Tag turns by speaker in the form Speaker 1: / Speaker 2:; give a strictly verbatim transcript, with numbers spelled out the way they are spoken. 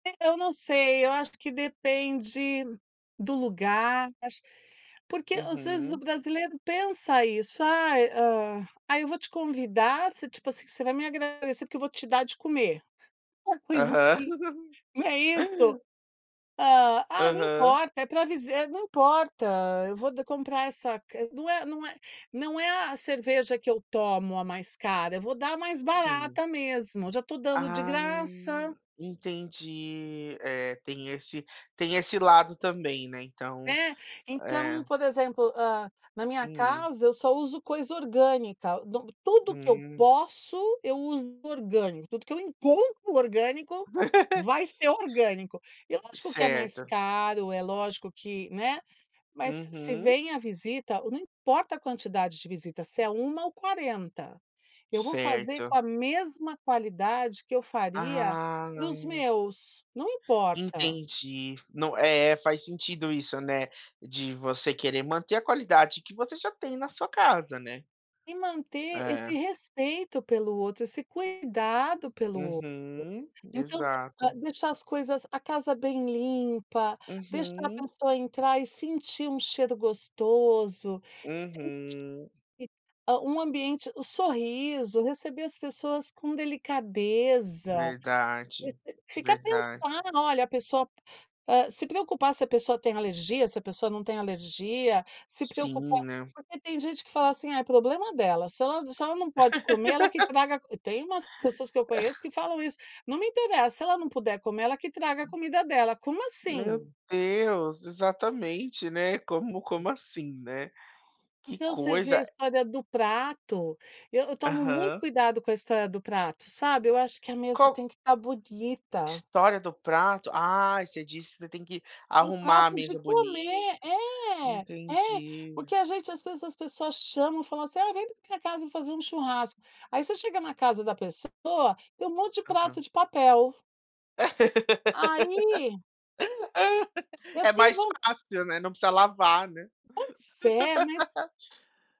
Speaker 1: Eu não sei, eu acho que depende do lugar, acho, porque às vezes o
Speaker 2: Uhum.
Speaker 1: brasileiro pensa isso, "Ai, hã, ai eu vou te convidar" você, tipo assim, você vai me agradecer porque eu vou te dar de comer, uma coisa
Speaker 2: Aham.
Speaker 1: assim, não é isso? Hã, ah não
Speaker 2: Aham.
Speaker 1: importa, é pra dizer: "Não importa, eu vou de comprar essa não é não é não é a a cerveja que eu tomo a mais cara, eu vou dar a mais
Speaker 2: Sim.
Speaker 1: barata mesmo, já estou dando de
Speaker 2: Ah,
Speaker 1: graça".
Speaker 2: en entendi, é, tem esse tem esse lado também, né, então,
Speaker 1: Né, então
Speaker 2: é.
Speaker 1: por exemplo, hã, na minha
Speaker 2: Hum.
Speaker 1: casa eu só uso coisa orgânica, de tudo que eu
Speaker 2: Hum.
Speaker 1: posso eu uso orgânico, tudo que eu encontro orgânico vai ser orgânico. E lógico que é mais
Speaker 2: Certo.
Speaker 1: caro, é lógico que, né, mas se se
Speaker 2: Uhum.
Speaker 1: vem a visita, não importa a quantidade de visita, se é uma ou quarenta, eu vou fazer com a
Speaker 2: Certo.
Speaker 1: mesma qualidade que eu faria
Speaker 2: Ah.
Speaker 1: para os meus, não importa.
Speaker 2: Entendi. Não é, faz sentido isso, né, de você querer manter a qualidade que você já tem na sua casa, né?
Speaker 1: E manter esse
Speaker 2: É.
Speaker 1: respeito pelo outro, esse cuidado pelo outro,
Speaker 2: Uhum,
Speaker 1: então,
Speaker 2: exato.
Speaker 1: hã, deixar as coisas, a casa bem limpa, deixar a
Speaker 2: Uhum.
Speaker 1: pessoa entrar e sentir um cheiro gostoso, sentir
Speaker 2: Uhum.
Speaker 1: que um ambiente o sorriso, receber as pessoas com delicadeza,
Speaker 2: Verdade,
Speaker 1: e e ficar pensando,
Speaker 2: verdade.
Speaker 1: ah, olha, a pessoa se preocupar se a pessoa tem alergia, se a pessoa não tem alergia, se preocupar
Speaker 2: Sim, né.
Speaker 1: porque tem gente que fala assim: "Ai é problema dela, se ela se ela não pode comer ela que traga", tem umas pessoas que eu conheço que falam isso, "Não me interessa, se ela não puder comer ela que traga a comida dela", como
Speaker 2: Meu
Speaker 1: assim?
Speaker 2: Deus, exatamente, né, como como assim, né? Que
Speaker 1: Então você vê
Speaker 2: coisa,
Speaker 1: a
Speaker 2: a
Speaker 1: história do prato, eu eu tomo muito
Speaker 2: Aham.
Speaker 1: cuidado com a história do prato, sabe, eu acho que a mesa
Speaker 2: Qual
Speaker 1: tem que estar bonita.
Speaker 2: História do prato? Ah, você disse que você tem que
Speaker 1: O
Speaker 2: arrumar a
Speaker 1: prato de
Speaker 2: mesa bonita,
Speaker 1: comer, é, é,
Speaker 2: entendi.
Speaker 1: porque a gente às vezes as pessoas chamam e falam assim: "Ah, vem pra minha casa fazer um churrasco, aí você chega na casa da pessoa e um monte de prato
Speaker 2: Aham.
Speaker 1: de papel". Aí Eu
Speaker 2: É
Speaker 1: tenho
Speaker 2: mais
Speaker 1: von
Speaker 2: fácil, né, não precisa lavar, né.
Speaker 1: Pode ser, mas